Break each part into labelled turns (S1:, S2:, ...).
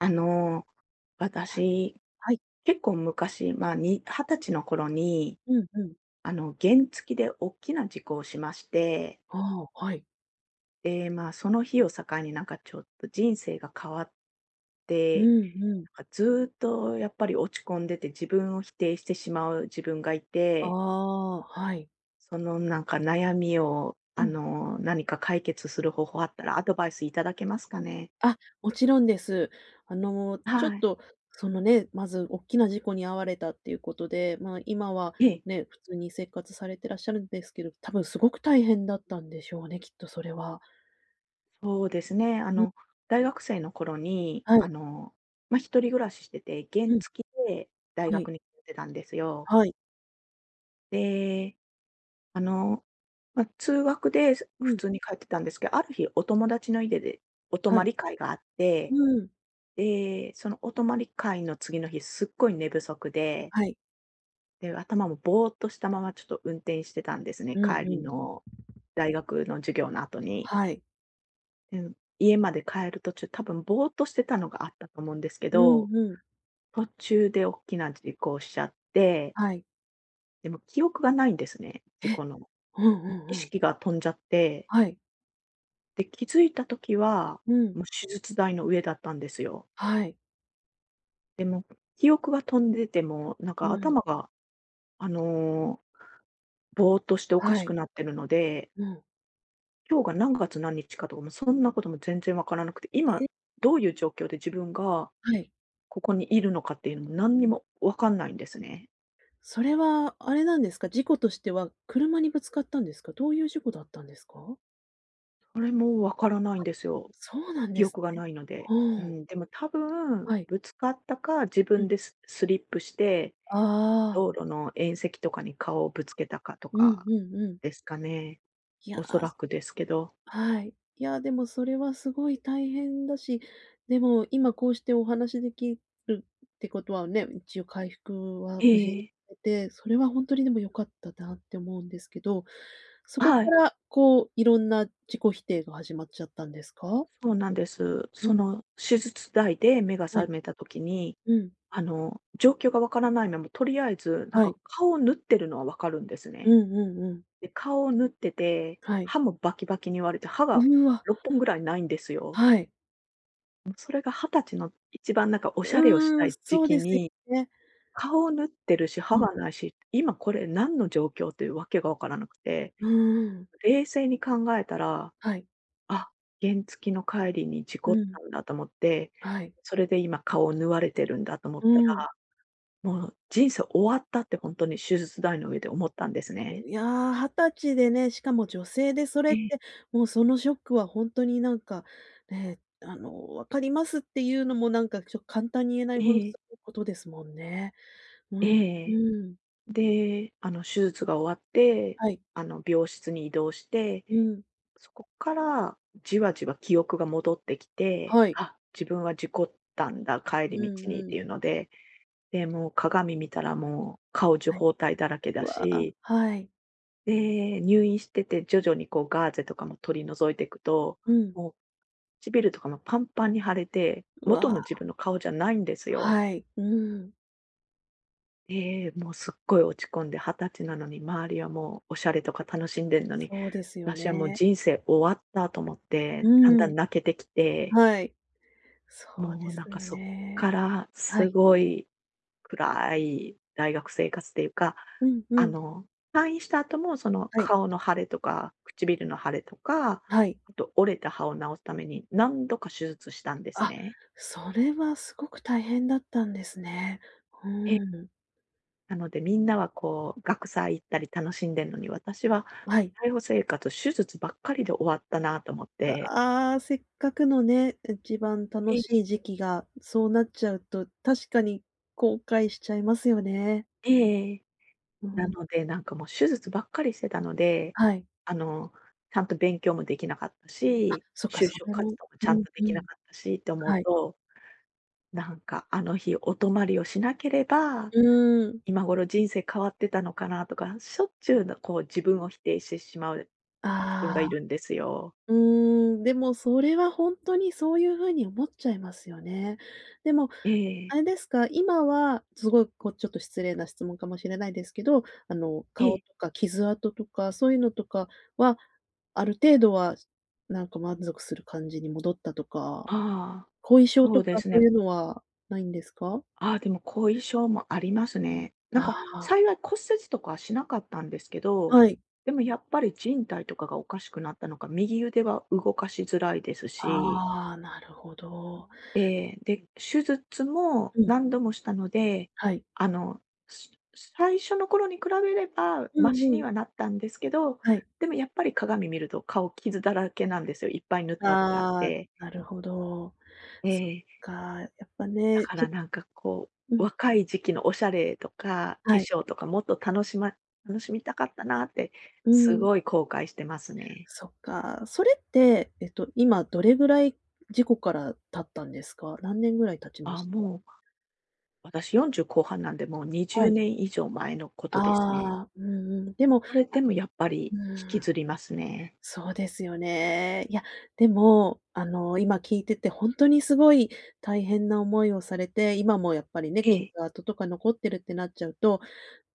S1: あの、
S2: あ、
S1: 私、
S2: はい。
S1: 結構昔、まあ、に20歳の頃に
S2: うんうん。
S1: あの、原付で大きな事故をしまして
S2: ああ、はい。
S1: ええ、まあ、その日を境になんかちょっと人生が変わっ
S2: う
S1: て、
S2: んうん。
S1: なんかずっとやっぱり落ち込んでて自分を否定してしまう自分がい
S2: あ
S1: て
S2: あ、はい。
S1: そのなんか悩みを
S2: う
S1: あ
S2: ん。
S1: の、何か解決する方法あったらアドバイスいただけますかね？
S2: あ、もちろんです。あの、ちょっ
S1: はい。
S2: とそのね、まずおっきな事故に遭われたっていうことで、まあ、今は
S1: ええ。
S2: ね、普通に生活されてらっしゃるんですけど、たぶんすごく大変だったんでしょうね、きっとそれは。
S1: そうですね。あ
S2: うん。
S1: の大学生の頃に
S2: は
S1: あ
S2: い。
S1: の、ま、一人暮らししてて、原
S2: うん。
S1: 付で大
S2: はい。
S1: 学にってたんですよ。
S2: はい。
S1: で、あの、ま、通学で、す
S2: う
S1: 普
S2: ん。
S1: 通に通ってたんですけある日お友達の家でお
S2: はい。
S1: 泊り会があっ
S2: う
S1: て、
S2: ん。
S1: で、そのお泊り会の次の日すっごい寝不足で
S2: はい。
S1: で、頭もぼうっとしたまま、ちょっと運転してたんですね。
S2: うん
S1: 帰
S2: う
S1: り
S2: ん。
S1: の大学の授業の後に。
S2: はい。
S1: うん、家まで帰る途中、多分ぼうっとしてたのがあったと思うんですけ
S2: う
S1: ど。
S2: んうん。
S1: 途中で、おっきな事故をしちゃって。
S2: はい。
S1: でも、記憶がないんですね。事
S2: え。
S1: 故の。
S2: ほんほんほ
S1: 意
S2: ん。
S1: 識が飛んじゃって。
S2: はい。
S1: で、気づいた時は、
S2: うん。
S1: もう手術台の上だったんですよ。
S2: はい。
S1: でも、記憶が飛んでて、もう、なん
S2: う
S1: か
S2: ん。
S1: 頭が、あの、ぼうっとしておか
S2: は
S1: し
S2: い。
S1: くなっているので。
S2: うん。
S1: 今日が何月何日かとかも、そんなことも全然わからなくて。
S2: え、
S1: 今
S2: え。
S1: どういう状況で自分が
S2: はい。
S1: ここにいるのかっていうのも、何にもわかんないんですね。
S2: それは、あれなんですか？事故としては、車にぶつかったんですか？どういう事故だったんですか？
S1: それもわからないん
S2: は。
S1: ですよ。
S2: そうなんで
S1: 記
S2: す
S1: 憶が
S2: ね。
S1: ないので。
S2: は
S1: う
S2: ん。
S1: ん。でも多分、
S2: はい。
S1: ぶつかったか、自
S2: う
S1: 分
S2: ん。
S1: でススリップして、
S2: あああ。
S1: 道路の縁石とかに顔をぶつけたかと
S2: うん
S1: か
S2: うんうん。
S1: ですかね。
S2: いや
S1: 恐
S2: あ、
S1: ら
S2: す
S1: くですけど。
S2: はい。いや、でもそれはすごい大変だし、でも今こうしてお話できるってことはね、一応回復は
S1: ええ
S2: 無事に
S1: ええ。
S2: されて、それは本当にでも良かったなって思うんですけど。そこか
S1: はい。
S2: らこう、いろんな自己否定が始まっちゃったんですか？
S1: そうなんです。
S2: う
S1: そ
S2: ん。
S1: の、手術台で目が
S2: は
S1: 覚
S2: い。
S1: めた時に、
S2: うん。
S1: あの、状況がわからないまま、とりあえずなん
S2: はい。
S1: か、顔を縫ってるのはわかるんです
S2: う
S1: ね。
S2: んうんうん。
S1: で、顔を縫ってて、
S2: はい。
S1: 歯もバキバキに割れて、歯が
S2: うわ。
S1: 6本ぐらい無いんですよ。
S2: はい。
S1: うん。それが20歳の一番、なんか、おしゃれをし
S2: う
S1: た
S2: ん。
S1: い時
S2: そう
S1: 期
S2: ですよ
S1: に、
S2: ね。
S1: 顔を縫ってるし、
S2: う
S1: 歯
S2: ん。
S1: はなし。今これ、何の状況っていうわけがわからなくて、
S2: うん。
S1: 冷静に考えたら
S2: はい。
S1: 「あ、原付の帰りに事
S2: う
S1: 故っ
S2: ん。
S1: たんだ」と思って、
S2: はい。
S1: それで今顔を縫われてるんだと思っ
S2: う
S1: た
S2: ん。
S1: ら「もう人生終わった」って本当に、手術台の上で思ったんですね。
S2: いや、20歳でね、しかも女性でそれ
S1: え
S2: っ
S1: え。
S2: て、もう、そのショックは本当に、なんか、ね「あの、分かります」って言うのも、なんか、ちょっと、簡単に言えない
S1: え
S2: ほどす
S1: え。
S2: ごいことですもんね。うん、
S1: ええ。
S2: うん。
S1: で、あの、手術が終わって、
S2: はい。
S1: あの、病室に移動して、
S2: うん。
S1: そこから、じわじわ記憶が戻ってきて、
S2: はい。
S1: あ、自分は事故ったんだ、帰
S2: う
S1: り
S2: ん
S1: 道にっ
S2: うん。
S1: ていうので、で、もう、鏡見たら、もう、顔中
S2: はい。
S1: 包帯だらけだ
S2: わあ、
S1: し
S2: はい。
S1: で、入院してて徐々に、こう、ガーゼとかも取り除いていくと、
S2: うん。
S1: もう、唇とかもパンパンに腫れて、
S2: う
S1: 元の
S2: わ。
S1: 自分の顔じゃないんですよ。
S2: はい、うん。
S1: ええ、もう、すっごい落ち込んで20歳なのに、周りはもう、おしゃれとか楽しんでんのに、
S2: そうですよ
S1: 私はもう
S2: ね。
S1: 人生終わったと思っ
S2: う
S1: て、だんだ
S2: ーん。
S1: ん泣けてきて。
S2: はい、そう
S1: も
S2: で
S1: う、
S2: す
S1: なん
S2: よ
S1: かそっか
S2: ね。
S1: ら、
S2: は
S1: す
S2: い。
S1: ごい暗い大学生活というか、
S2: うんう
S1: あ
S2: ん。
S1: の退院した後もその、
S2: はい。
S1: 顔の腫れとか唇の腫れとか、
S2: はい。
S1: あと折れた歯を治すために何度か手術したんです
S2: あ、
S1: ね。
S2: それはすごく大変だったんですね、う
S1: ええ。
S2: ーん。
S1: なので、みんなはこう、学祭行ったり、楽しんでんのに、私は
S2: はい。
S1: たいほ生活、手術ばっかりで終わったなと思っ
S2: う
S1: て。
S2: わ。せっかくのね、一番楽
S1: ええ。
S2: しい時期がそうなっちゃうと、確かに後悔しちゃいますよね。
S1: ええ。
S2: うー
S1: な
S2: ん。
S1: ので、なんかもう手術ばっかりしてたので、
S2: はい。
S1: あの、ちゃんと勉強もできなかった
S2: あ、
S1: し、
S2: そっか、
S1: 就
S2: そ
S1: 職
S2: れも。
S1: 活動もちゃ
S2: う
S1: ん
S2: ん
S1: とで
S2: う
S1: きな
S2: ん。
S1: かったしって思う
S2: はい。
S1: と、なんか、あの日お泊まりをしなければ、
S2: うーん。
S1: 今頃人生変わってたのかなとか、しょっちゅう、な、こう自分を否定してしまう、自分が
S2: ああ。
S1: いるんですよ。
S2: うーん。でも、それは本当にそういう風に思っちゃいますよね。でも、
S1: え
S2: あ
S1: え。
S2: れですか、今はすごい、こう、ちょっと失礼な質問かもしれないですけど、あの、
S1: え
S2: 顔
S1: え。
S2: とか傷跡とかそういうのとかは、ある程度は、なんか満足する感じに戻ったとか、
S1: ああ、
S2: 後遺症
S1: そ
S2: と
S1: うで
S2: か、
S1: す
S2: そう
S1: ね。
S2: いうのはないんですか？
S1: あ、でも後遺症もありますね。なん
S2: あ
S1: か
S2: あ。
S1: 幸い骨折とかはしなかったんですけど、
S2: はい。
S1: でもやっぱり靭帯とかがおかしくなったのか、右腕は動かしづらいですし。
S2: ああ、なるほど。
S1: ええ、で、手術も
S2: うん。
S1: 何度もしたので、
S2: はい。
S1: あの、すす、最初の頃に比べれば、
S2: う
S1: ま
S2: ん
S1: し
S2: う
S1: に
S2: ん。
S1: はなったんですけど、
S2: はい。
S1: でもやっぱり鏡見ると顔、傷だらけなんですよ、いっぱい縫った痕があっ
S2: ああ、
S1: て。
S2: なるほど。
S1: え
S2: そっ
S1: え。
S2: か、やっぱ
S1: だ
S2: ね、
S1: か
S2: ちょ
S1: ら
S2: っと
S1: なんかこ
S2: う
S1: う、
S2: ん。
S1: 若い時期のおしゃれとか、化
S2: はい。
S1: 粧とかもっと楽しま楽しみたかったなって、
S2: う
S1: す
S2: ん。
S1: ごい後悔してますね。
S2: そっか。それって、えっと、今どれぐらい事故から経ったんですか？何年ぐらい経ちま
S1: あ、
S2: した？
S1: もう私、40後半なんで、もうにじ
S2: は
S1: ゅう
S2: い。
S1: ねん以上前のことですね。
S2: ああ、うんうん。でも、
S1: それでも、やっぱ
S2: う
S1: り、引き
S2: ーん。
S1: ずりますね。
S2: そうですよね。いや、でも、あの、今聞いてて、本当にすごい大変な思いをされて、今もやっぱりね、
S1: え
S2: 傷
S1: え。
S2: 跡とか残ってるってなっちゃうと、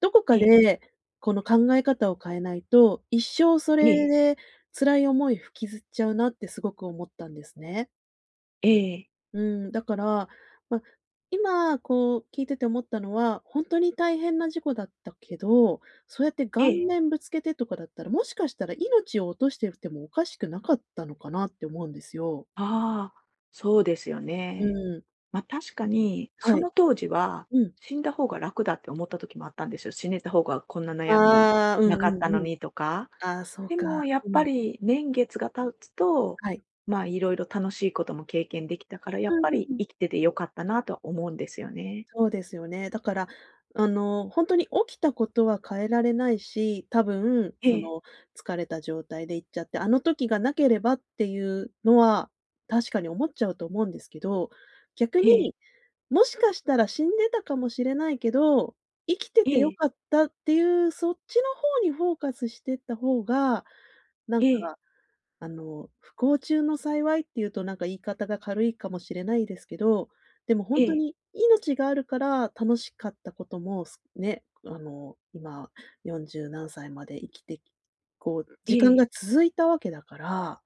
S2: どこか
S1: ええ。
S2: で、この考え方を変えないと、一生そ
S1: え
S2: れ
S1: え。
S2: で辛い思いを引きずっちゃうなって、すごく思ったんですね。
S1: ええ。
S2: うーん、だから、ま、今、こう、聞いてて思ったのは、ほんとに大変な事故だったけど、そうやって
S1: え
S2: 顔
S1: え。
S2: 面ぶつけてとかだったら、もしかしたら命を落としてるてもおかしくなかったのかな？って思うんですよ。
S1: ああ、そうですよ
S2: う
S1: ね。
S2: ん。
S1: ま、確かに
S2: は
S1: そ
S2: い。
S1: の当時は
S2: うん。
S1: 「死んだ方が楽だ」って思った時もあったんですよ「死ねた方がこんな悩み
S2: ああ、うん
S1: な
S2: う
S1: かった
S2: ん
S1: の
S2: うん。
S1: に」とか。
S2: ああ、そう
S1: でも
S2: か、
S1: やっ
S2: う
S1: ぱ
S2: ん。
S1: り年月が経つと、
S2: はい。
S1: ま、いろいろ楽しいことも経験できたから「や
S2: ああ、
S1: っぱり
S2: うん。
S1: 生きてて良かったな」とは思うんですよね。
S2: そうですよね。だから、あの、ほんとに起きたことは変えられないし、多分、
S1: え
S2: そ
S1: え。
S2: の、疲れた状態で行っちゃって「あの時がなければ」っていうのは、確かに思っちゃうと思うんですけど、逆
S1: ええ。
S2: に「もしかしたら死んでたかもしれないけど、生きて
S1: え
S2: てよ
S1: え。
S2: かった」っていう、そっちの方にフォーカスしてった方が、なん
S1: ええ。
S2: か、あの、不幸中の幸いっていうと、なんか、言い方が軽いかもしれないですけど、でもほ
S1: え
S2: んと
S1: え。
S2: に命があるから楽しかったことも、すね、あの、今四十何歳まで生きてきこう、
S1: え
S2: 時間
S1: え。
S2: が続いたわけだから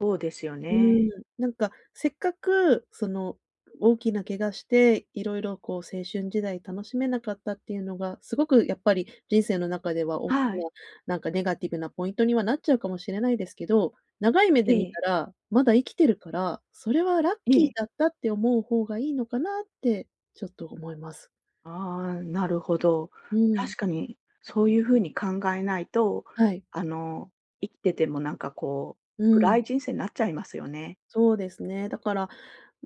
S1: ほうですよ
S2: うー
S1: ね。
S2: ん。なんか、せっかく、その、大きな怪我して色々、こう、青春時代楽しめなかったっていうのが、すごくやっぱり人生の中ではおっき
S1: はい。
S2: な、なんか、ネガティブなポイントにはなっちゃうかもしれないですけど、長い目
S1: え
S2: で見
S1: え。
S2: たら、まだ生きてるからそれはラッ
S1: え
S2: キー
S1: え。
S2: だったって思う方がいいのかな？って、ちょっと思います。
S1: ああ、なるほど。
S2: うん。
S1: 確かにそういう風に考えないと、
S2: はい。
S1: あの、生ってても、なんか、こう、
S2: うん。
S1: 暗い人生なっちゃいますよね。
S2: そうですね。だから、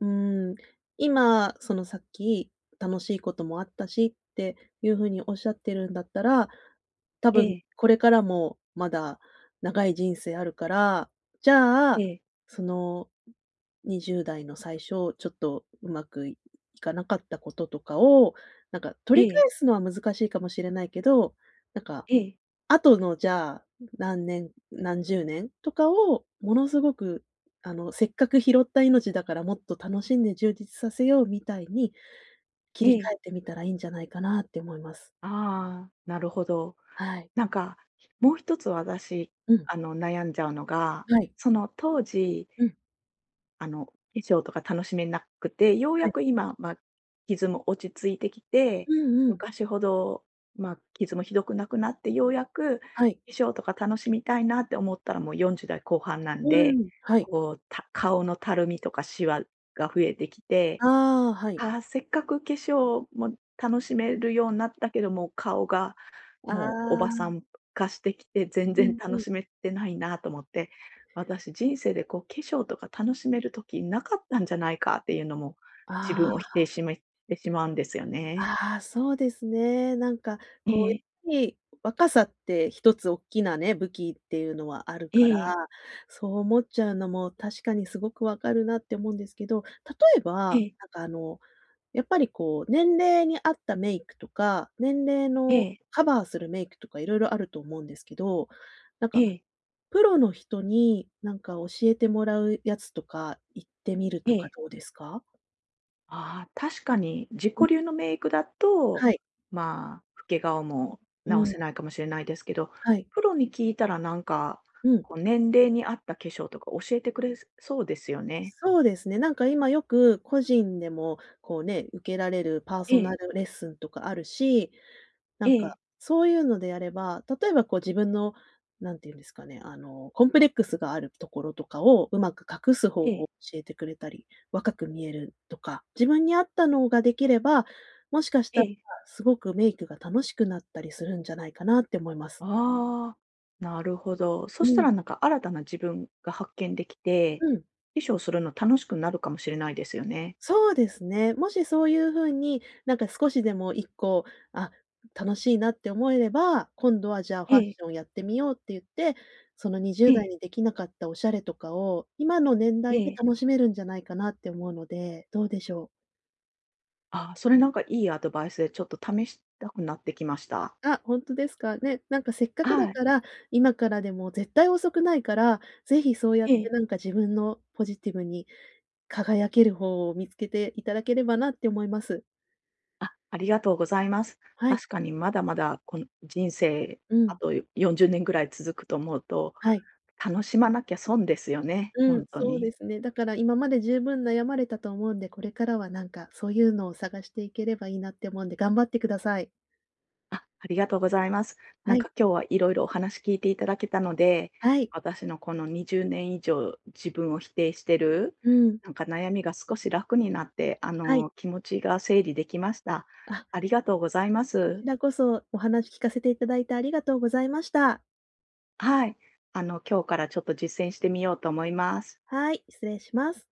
S2: うん、今、その、さっき、楽しいこともあったしっていう風におっしゃってるんだったら、多
S1: え
S2: 分
S1: え。
S2: これからもまだ長い人生あるから、じゃ
S1: え
S2: あ、
S1: え。
S2: その20代の最初、ちょっとうまくいかなかったこととかを、なんか、取
S1: え
S2: り返
S1: え。
S2: すのは難しいかもしれないけど、なんか、
S1: ええ。
S2: 後のじゃあ、何年何十年？とかをものすごく、あの「せっかく拾った命だから、もっと楽しんで充実させよう！」みたいに切
S1: え
S2: り替
S1: え。
S2: えてみたらいいんじゃないかなって思います。
S1: ああ、なるほど。
S2: はい。
S1: なんか、もう一つ私、
S2: うん。
S1: あの、悩んじゃうのが、
S2: はい。
S1: その当時
S2: うん。
S1: あの、衣装とか楽しめなくてよう
S2: は
S1: や
S2: い。
S1: く今、ま、傷も落ち着いてきて、
S2: うんうん。
S1: 昔ほど、ま、傷もひどくなくなってようやく
S2: はい。
S1: 衣装とか楽しみたいなって思ったらもう四十代後半なん
S2: う
S1: で、
S2: ん、はい。
S1: こう、た顔のたるみとかしわが増えてきて、
S2: ああ、はい。
S1: ああ、せっかく化粧も楽しめるようなったけど、顔が
S2: あ
S1: もうおばさ
S2: あ。
S1: ん化してきて全
S2: う
S1: 然
S2: んう
S1: 楽
S2: ん。
S1: しめてないなと思って、私人生で、こう、化粧とか楽しめる時なかったんじゃないか？っていうのも自分
S2: あ
S1: を否定
S2: あ。
S1: しめてしまうんですよね。
S2: ああ、そうですね。なんか、こう、や
S1: ええ。
S2: っひい若さって一つおっきなね、武器っていうのはあるから、
S1: ええ。
S2: そう思っちゃうのも、確かにすごく分かるなって思うんですけど、例え
S1: え
S2: ば、
S1: え。
S2: なんか、あの、やっぱり、こう、年齢に合ったメイクとか年齢の
S1: ええ。
S2: カバーするメイクとか色々あると思うんですけど、なん
S1: え
S2: か、
S1: え。
S2: プロの人に、なんか、教えてもらうやつとか行ってみる
S1: え
S2: とか
S1: え。
S2: どうですか？
S1: あ、確かに、自己
S2: うん。
S1: 流のメイクだと、
S2: はい。
S1: ま、老け顔も
S2: う
S1: 直
S2: ん。
S1: せないかもしれないですけど、
S2: はい。
S1: プロに聞いたらなんか、
S2: うん。
S1: こう年齢に合った化粧とか教えてくれそうですよね。
S2: そうですね。なんか今よく、個人でも、こうね、受けられるパー
S1: え
S2: ソナ
S1: え。
S2: ルレッスンとかあるし、なんか、
S1: ええ。
S2: そういうのであれば、例えばこう自分の、なんていうんですかね、あの、コンプレックスがあるところとかを上手く隠す方
S1: え
S2: 法
S1: え。
S2: 教えてくれたり、若く見えるとか、自分に合ったのができれば、もしかした
S1: え
S2: ら、
S1: え。
S2: すごくメイクが楽しくなったりするんじゃないかなって思います。
S1: ああ、なるほど。そ
S2: う
S1: した
S2: ん。
S1: らなんか新たな自分が発見できて、
S2: うん。
S1: 化粧するの楽しくなるかもしれないですよね。
S2: そうですね。もしそういう風に、なんか少しでも一個、あ、楽しいなって思えれば、今度はじゃあ、フ
S1: え
S2: ァッ
S1: え。
S2: ションやってみようっていって、そのにじゅう
S1: え
S2: だい
S1: え。
S2: にできなかったおしゃれとかを、今の年
S1: え
S2: 代で
S1: え。
S2: 楽しめるんじゃないかなって思うので、どうでしょう？
S1: あ、それなんかいいアドバイスでちょっと試したくなってきました。
S2: あ、ほんとですか？ね、なんかせっか
S1: あ、
S2: くだ
S1: はい。
S2: から、今からでも絶対遅くないから、是非そうやっ
S1: え
S2: て、
S1: え。
S2: なんか自分のポジティブに輝ける法を見つけていただければなって思います。
S1: あ、ありがとうございます。
S2: はい。
S1: 確かにまだまだこの人生、
S2: う
S1: あ
S2: ん。
S1: と40年ぐらい続くと思うと、
S2: はい。
S1: 楽しまなきゃ損ですよね、ほ
S2: うん、
S1: んと
S2: そう
S1: に。
S2: ですね。だから今まで十分悩まれたと思うんで、これからはなんか、そういうのを探していければいいなって思うんで、頑張ってください。
S1: あ、ありがとうございます。な
S2: は
S1: ん
S2: い。
S1: か今日はいろいろお話聞いていただけたので、
S2: はい。
S1: 私のこの20年以上、自分を否定してる、
S2: うん。
S1: なんか悩みが少し楽になって、あ
S2: はい。
S1: の、気持ちが整理できました。
S2: あ。
S1: ありがとうございま
S2: こ
S1: す。
S2: ちらこそ、お話聞かせていただいてありがとうございました。
S1: はい。あの、今日からちょっと実践してみようと思います。
S2: はい、失礼します。